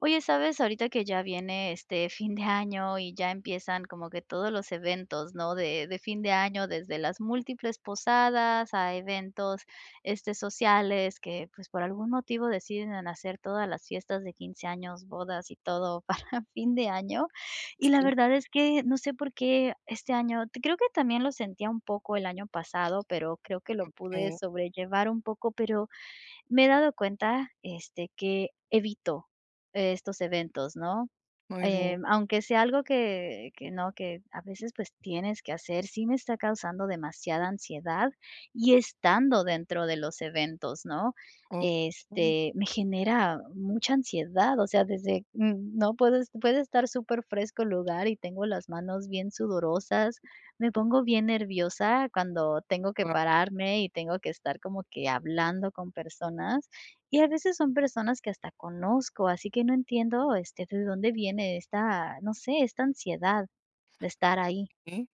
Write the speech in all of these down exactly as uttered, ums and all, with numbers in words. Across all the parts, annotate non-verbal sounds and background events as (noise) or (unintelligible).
Oye, ¿sabes? Ahorita que ya viene, este, fin de año y ya empiezan como que todos los eventos, ¿no?, de de fin de año, desde las E múltiples posadas a eventos, este, sociales que, pues, por algún motivo deciden hacer todas las fiestas de quince años, bodas y todo para fin de año, y la Sí. verdad es que no sé por qué este año creo que también lo sentía un poco el año pasado, pero creo que lo pude Okey. sobrellevar un poco, pero me he dado cuenta, este, que evito estos eventos, ¿no?, Muy bien. eh, aunque sea algo que que no que a veces, pues, tienes que hacer, sí me está causando demasiada ansiedad y estando dentro de los eventos, ¿no?, O (unintelligible) este, me genera mucha ansiedad, o sea, desde no Puedes puede estar superfresco el lugar y tengo las manos bien sudorosas, me pongo bien nerviosa cuando tengo que (unintelligible) pararme y tengo que estar como que hablando con personas, y a veces son personas que hasta conozco, así que no entiendo, este, de dónde viene esta, no sé, esta ansiedad de estar ahí. Mm,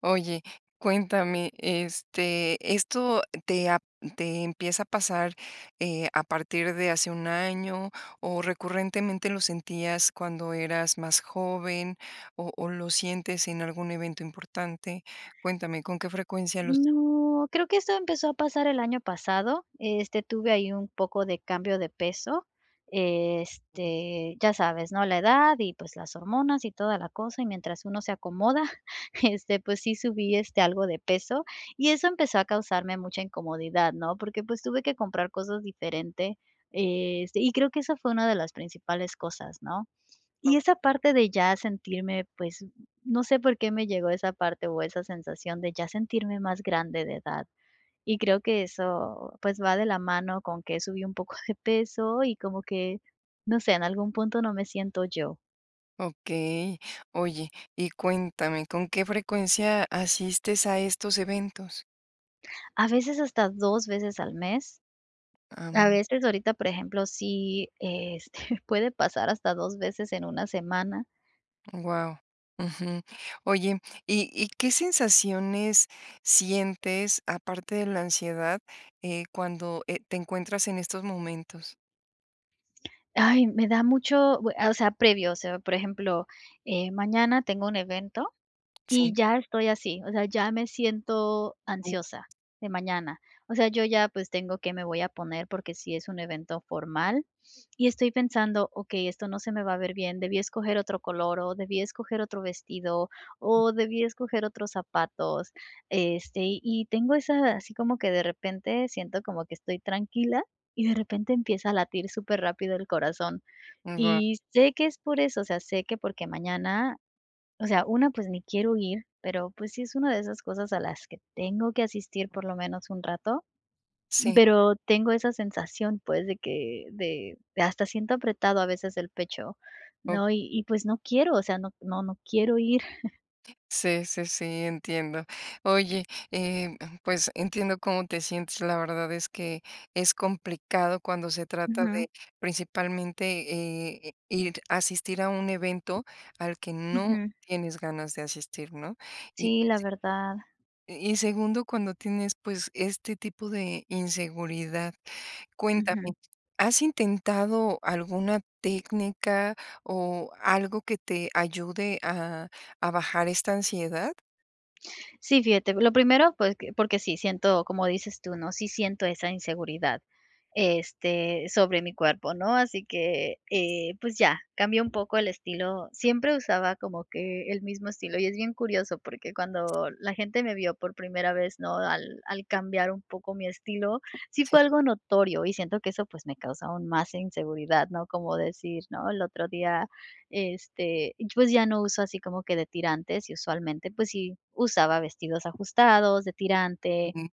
oye, cuéntame, este, ¿esto te ha te empieza a pasar, eh, a partir de hace un año o recurrentemente lo sentías cuando eras más joven, o o lo sientes en algún evento importante? Cuéntame, ¿con qué frecuencia los? No, creo que eso empezó a pasar el año pasado, este, tuve ahí un poco de cambio de peso, este, ya sabes, ¿no?, la edad y, pues, las hormonas y toda la cosa, y mientras uno se acomoda, (chuckles) este, pues sí subí, este, algo de peso y eso empezó a causarme mucha incomodidad, ¿no?, porque, pues, tuve que comprar cosas diferente, este, y creo que esa fue una de las principales cosas, ¿no? O Y esa parte de ya sentirme, pues, no sé por qué me llegó esa parte o esa sensación de ya sentirme más grande de edad, y creo que eso, pues, va de la mano con que subí un poco de peso y como que, no sé, en algún punto no me siento yo. Okey, oye, y cuéntame, ¿con qué frecuencia asistes a estos eventos? A veces hasta dos veces al mes. A Am. veces, ahorita, por ejemplo, sí, este, puede pasar hasta dos veces en una semana. Guau, ujú, oye, ¿y y qué sensaciones sientes, aparte de la ansiedad, eh, cuando, eh, te encuentras en estos momentos? ¡Ay! Me da mucho, bue o sea, previo, o sea, por ejemplo, eh, mañana tengo un evento y Sí. ya estoy así, o sea, ya me siento Uh. ansiosa, de mañana, o sea, yo ya, pues, tengo que me voy a poner porque sí es un evento formal y estoy pensando, okey, esto no se me va a ver bien, debí escoger otro color o debí escoger otro vestido o debí escoger otros zapatos, este, y y tengo esa, así como que de repente siento como que estoy tranquila y de repente empieza a latir superrápido el corazón, Wao. y sé que es por eso, o sea, sé que porque mañana, o sea, una, pues ni quiero ir, pero pues sí es una de esas cosas a las que tengo que asistir por lo menos un rato, Sí. pero tengo esa sensación, pues de que, de de hasta siento apretado a veces el pecho, Oh. ¿no?, y y, pues, no quiero, o sea, no no no quiero ir. (chuckles) Sí sí sí, entiendo. Oye, eh, pues entiendo cómo te sientes, la verdad es que es complicado cuando se trata Ujú. de principalmente, eh, ir asistir a un evento al que no Ujú. tienes ganas de asistir, ¿no?, y Sí, la sí verdad. Y y segundo, cuando tienes, pues, este tipo de inseguridad. Cuéntame, Ujú. ¿has intentado alguna técnica o algo que te ayude a a bajar esta ansiedad? Sí, fíjate. Lo primero, pues que porque sí, siento, como dices tú, ¿no? Sí siento esa inseguridad, este, sobre mi cuerpo, ¿no? Así que, eh, pues ya, cambió un poco el estilo. Siempre usaba como que el mismo estilo, y es bien curioso, porque cuando la gente me vio por primera vez, ¿no?, al al cambiar un poco mi estilo, sí Sí. fue algo notorio y siento que eso, pues, me causó más inseguridad, ¿no?, como decir ¿No? El otro día, este, pues ya no uso así como que de tirantes y usualmente, pues, sí usaba vestidos ajustados, de tirante. Ujú.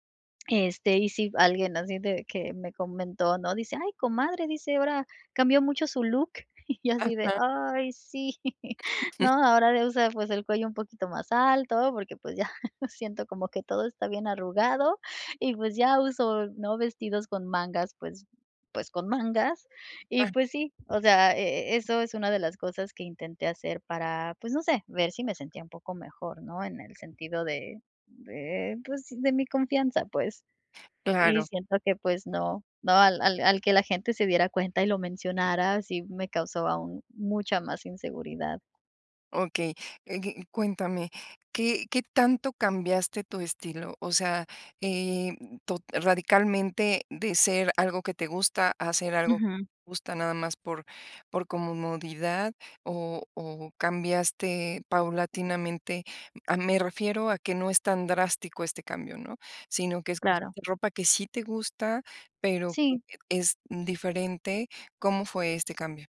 Este, y si alguien así de que me comentó, ¿no?, dice: "Ay comadre", dice ahora. "Cambió mucho su look". (chuckles) Y yo así de, Ajá. ay sí,, (chuckles) ¿no? (chuckles) Ahora de usar, pues el cuello un poquito más alto porque, pues, ya (chuckles) siento como que todo está bien arrugado, y pues ya uso, ¿no?, vestidos con mangas pues pues con mangas y Ah. pues sí, o sea, e e eso es una de las cosas que intenté hacer para pues no sé, ver si me sentía un poco mejor, ¿no?, en el sentido de de, pues, de mi confianza pues. Y Claro. siento que, pues, no, no, al al al Que la gente se diera cuenta y lo mencionara, sí me causó aún mucha más inseguridad. Okey. Eh, y cuéntame, ¿qué qué tanto cambiaste tu estilo? O sea, em, to radicalmente de ser algo que te gusta a ser algo Ujú. gusta nada más por por comodidad o o cambiaste paulatinamente? Ah, me refiero a que no es tan drástico este cambio, ¿no? Sino que es pues Claro. ropa que sí te gusta, pero que Sí. es diferente. ¿Cómo fue este cambio?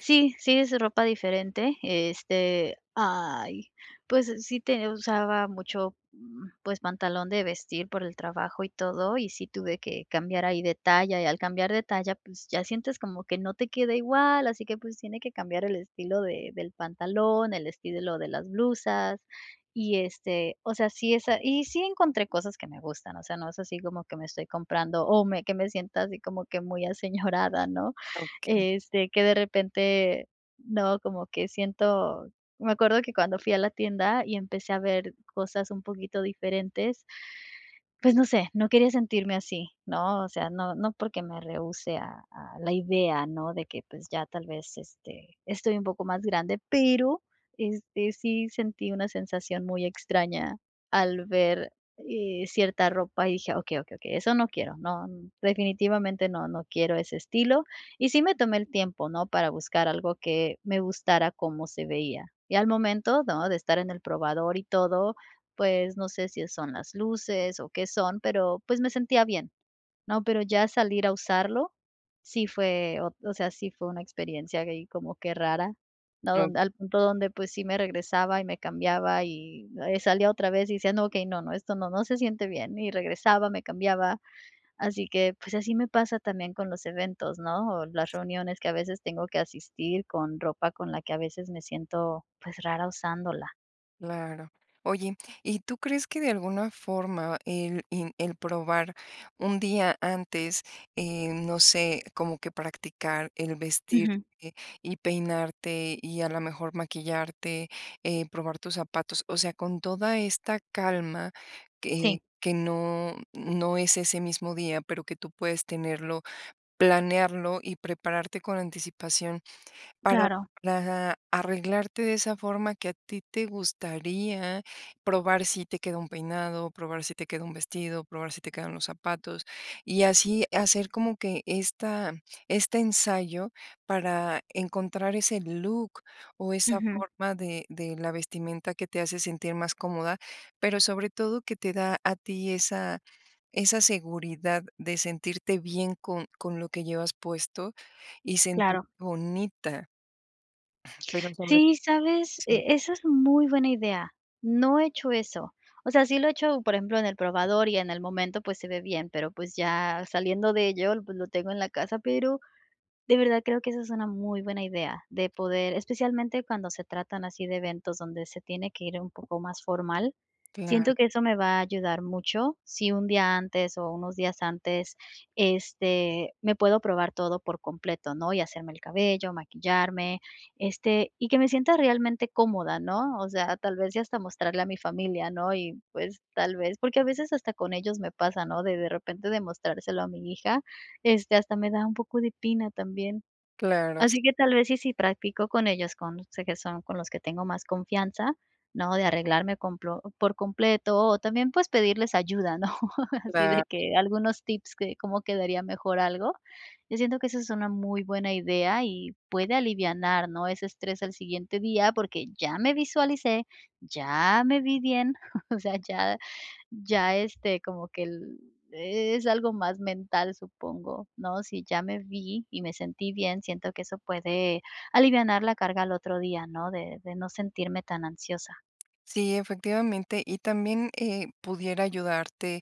Sí, sí, es ropa diferente. Este, ¡ay!, pues, sí ten usaba mucho, mm, pues, pantalón de vestir por el trabajo y todo, y sí tuve que cambiar ahí de talla, y al cambiar de talla, pues, ya sientes como que no te queda igual, así que, pues, tiene que cambiar el estilo de del pantalón, el estilo de las blusas, y este, o sea, sí es a Y sí encontré cosas que me gustan, o sea, no es así como que me estoy comprando o me que me sienta así como que muy aseñorada, ¿no?, Okey. este, que de repente, ¿no?, como que siento Me acuerdo que cuando fui a la tienda y empecé a ver cosas un poquito diferentes pues no sé, no quería sentirme así, ¿no? O sea, no, no porque me rehúse a a la idea, ¿no?, de que, pues ya tal vez, este, estoy un poco más grande, pero, este, sí sentí una sensación muy extraña al ver eh cierta ropa y dije: "Okey, okey, okey, eso no quiero, no, definitivamente no, no quiero ese estilo". Y sí me tomé el tiempo, ¿no?, para buscar algo que me gustara cómo se veía. Y al momento, ¿no?, de estar en el probador y todo, pues, no sé si son las luces o qué son, pero, pues, me sentía bien, ¿no? Pero ya salir a usarlo sí fue oh, o sea, sí fue una experiencia gay como qué rara, ¿no? No. Donde al punto donde, pues, sí me regresaba y me cambiaba y eh salía otra vez y decía: "No, okey, no, no, esto no no se siente bien", y regresaba, me cambiaba. Así que, pues, así me pasa también con los eventos, ¿no?, o las reuniones que a veces tengo que asistir con ropa con la que a veces me siento, pues, rara usándola. Claro. Oye, ¿y tú crees que de alguna forma el en el probar un día antes, eh, no sé, como que practicar el vestirte Ujú. y peinarte y a la mejor maquillarte, eh, probar tus zapatos, o sea, con toda esta calma que Sí. que no no es ese mismo día, pero que tú puedes tenerlo, planearlo y prepararte con anticipación para Claro. Ajá. Arreglarte de esa forma que a ti te gustaría probar si te queda un peinado, probar si te queda un vestido, probar si te quedan los zapatos, y así hacer como que esta este ensayo para encontrar ese look o esa Ujú. forma de de la vestimenta que te hace sentir más cómoda, pero sobre todo que te da a ti esa esa seguridad de sentirte bien con con lo que llevas puesto y sentirte Claro. bonita pero sobre Sí, ¿sabes?, Sí. e esa es muy buena idea, no he hecho eso, o sea, sí lo he hecho, por ejemplo, en el probador y en el momento, pues, se ve bien, pero, pues, ya saliendo de ello, pues, lo tengo en la casa, pero, de verdad creo que esa es una muy buena idea, de poder especialmente cuando se tratan así de eventos donde se tiene que ir un poco más formal, Claro. siento que eso me va a ayudar mucho, si un día antes o unos días antes, este, me puedo probar todo por completo, ¿no?, y hacerme el cabello, maquillarme, este, y que me sienta realmente cómoda, ¿no? O sea, tal vez, y hasta Sí. mostrarle a mi familia, ¿no? Y pues, tal vez porque a veces hasta con ellos me pasa, ¿no?, de de repente de mostrárselo a mi hija, este, hasta me da un poco de pena también. Claro, s Así que tal vez y si practico con ellos, con, no sé, que son con los que tengo más confianza, ¿no? De arreglarme complo por completo, o también, pues, pedirles ayuda, ¿no?, así Claro. de que algunos tips que cómo quedaría mejor algo. Yo siento que eso es una muy buena idea y puede alivianar, ¿no?, ese estrés al siguiente día, porque ya me visualicé, ya me vi bien, (chuckles) o sea, ya ya, este, como que el es algo más mental, supongo, ¿no? Si ya me vi y me sentí bien, siento que eso puede alivianar la carga al otro día, ¿no?, de de no sentirme tan ansiosa. Sí, efectivamente, y también, eh, pudiera ayudarte,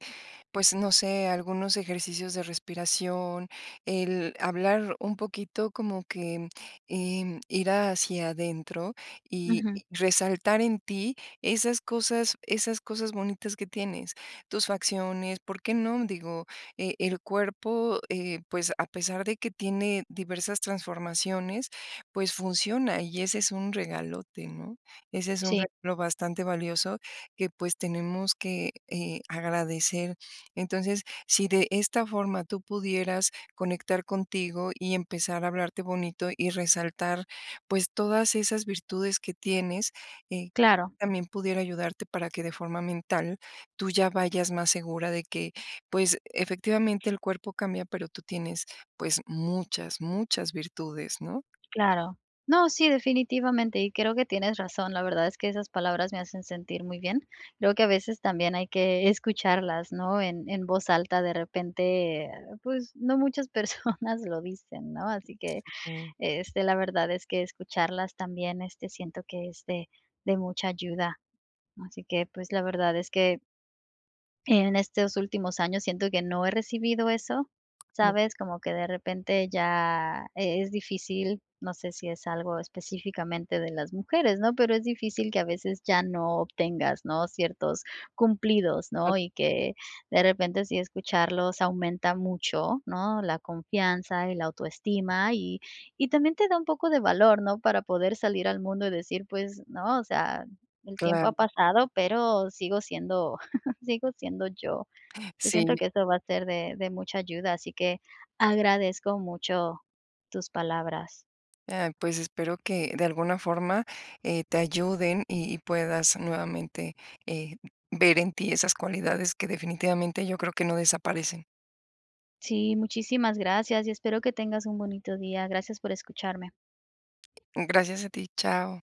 pues, no sé, algunos ejercicios de respiración, el hablar un poquito como que, mm, em, ir hacia adentro y Ujú. resaltar en ti esas cosas esas cosas bonitas que tienes, tus facciones, ¿por qué non? Digo, e el cuerpo, eh, pues, a pesar de que tiene diversas transformaciones, pues, funciona y ese es un regalote, ¿no? Ese es un Sí. regalo bastante valioso que, pues, tenemos que, eh, agradecer. Entonces, si de esta forma tú pudieras conectar contigo y empezar a hablarte bonito y resaltar, pues, todas esas virtudes que tienes, eh, quizá Claro. también pudiera ayudarte para que de forma mental tú ya vayas más segura de que, pues, efectivamente el cuerpo cambia, pero tú tienes, pues, muchas, muchas virtudes, ¿no? Claro. No, sí, definitivamente, y creo que tienes razón. La verdad es que esas palabras me hacen sentir muy bien, creo que a veces también hay que escucharlas, ¿no?, en en voz alta. De repente, pues, no muchas personas lo dicen, ¿no? Así que, Ujú. este, la verdad, es que escucharlas también, este, siento que es de de mucha ayuda. Así que, pues, la verdad es que en estos últimos años siento que no he recibido eso, (unintelligible) ¿sabes? Como que de repente ya e es difícil, no sé si es algo específicamente de las mujeres, ¿no?, pero es difícil que a veces ya no obtengas, ¿no?, ciertos cumplidos, Al ¿no? Y que de repente, sí escucharlos, aumenta mucho, ¿no?, la confianza, el autoestima, y y también te da un poco de valor, ¿no?, para poder salir al mundo y decir: "Pues, ¿no?, o sea, el tiempo ha Claro. pasado, pero sigo siendo (chuckles) sigo siendo yo". Yo Sí. siento que esto va a ser de de mucha ayuda, así que agradezco mucho tus palabras. Ah, pues espero que de alguna forma eh, te ayuden y y puedas nuevamente eh, ver en ti esas cualidades que definitivamente yo creo que no desaparecen. Sí, muchísimas gracias, y espero que tengas un bonito día. Gracias por escucharme. Gracias a ti, chao.